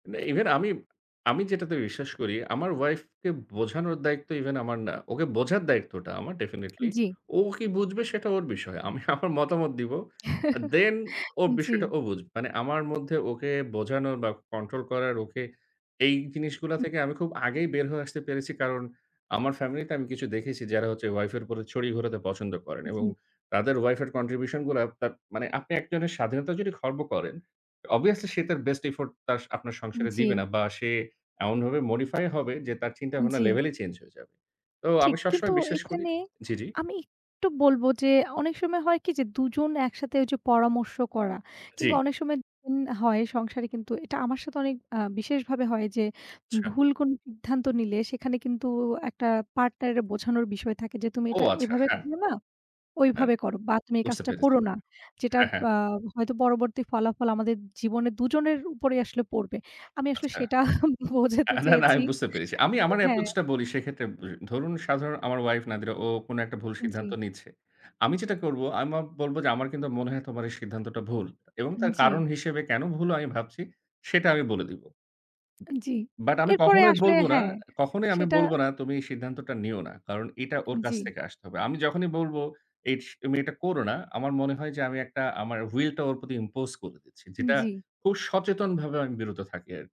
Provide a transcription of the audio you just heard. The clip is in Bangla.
ম্যা ইভেন আমি, আমি যেটাতে বিশ্বাস করি, আমার ওয়াইফ কে বোঝানোর দায়িত্ব ইভেন আমার না। ওকে বোঝার দায়িত্বটা আমার definitely জ্বি। ও কি বুঝবে সেটা ওর বিষয়। আমি আমার মতামত দিবো। আ Then ওর জ্বি। বিষয়টা ও বুঝবে। মানে আমার মধ্যে ওকে বোঝানোর বা কন্ট্রোল করার ওকে, এই জিনিসগুলা থেকে আমি খুব আগেই বের হয়ে আসতে পেরেছি। কারণ আমার ফ্যামিলি তে আমি কিছু দেখেছি যারা হচ্ছে ওয়াইফ এর উপরে ছড়ি ঘোরাতে পছন্দ করেন এবং জি। তাদের ওয়াইফ এর Contribution গুলা তাপ মানে আপনি একজনের স্বাধীনতার যদি খর্ব করেন Obviously সে তার Best effort তার, আপনার সংসারে দিবে জ্বি। না বা সে এমনভাবে modify হবে যে তার চিন্তাভাবনার জ্বি। লেভেলই চেঞ্জ হয়ে যাবে। তো ঠিক। আমি কিন্তু সবসময় বিশ্বাস করি এখানে জি, জি। আমি একটু বলবো, যে অনেক সময় হয় কি যে ২ জন একসাথে ঐ যে পরামর্শ করা কিংবা জ্বি। অনেক সময় [unintelligible] হয় সংসারে কিন্তু এটা আমার সাথে অনেক আ বিশেষভাবে হয় যে আচ্ছা। ভুল কোন সিদ্ধান্ত নিলে সেখানে কিন্তু একটা পার্টনারের বোঝানোর বিষয় থাকে যে, তুমি ও এটা আচ্ছা, এভাবে হ্যাঁ। করো না, হ্যাঁ। ঐভাবে করো। বা তুমি এই বুঝতে কাজটা পেরেছি। করো না। যেটার হ্যাঁ, হ্যাঁ। আ হয়তো পরবর্তী ফলাফল আমাদের জীবনে ২ জনের উপরেই আসলে পড়বে। আমি আসলে আচ্ছা। সেটা বোঝাতে না, না, না চেয়েছি আমি বুঝতে পেরেছি। আমি যে আমার হ্যাঁ। এপ্রোচ টা বলি সেক্ষেত্রে ব ধরুন সাধারণ আমার ওয়াইফ "নাদিরা" ও কোন একটা ভুল জ্বী। সিদ্ধান্ত নিচ্ছে। আমি যেটা করব আমি বলব যে আমার কিন্তু মনে হয় তোমার এই সিদ্ধান্তটা ভুল। এবং এন তার জ্বি। কারণ হিসেবে কেন ভুল আমি ভাবছি সেটা আমি বলে দিব। এন জ্বি। বাট আমি এরপরে কখনোই আসলে বলব না, হ্যাঁ কখনোই আমি সেটা বলব না তুমি এই সিদ্ধান্তটা নিও না। কারণ এটা ওর কাছ জ্বি। থেকে আসতে হবে। আমি যখনই বলবো এস তুমি এটা করো না, আমার মনে হয় যে আমি ১ টা আমার Will টা ওর প্রতি impose করে দিচ্ছি। যেটা জ্বি। খুব সচেতনভাবে আমি বিরত থাকি আর।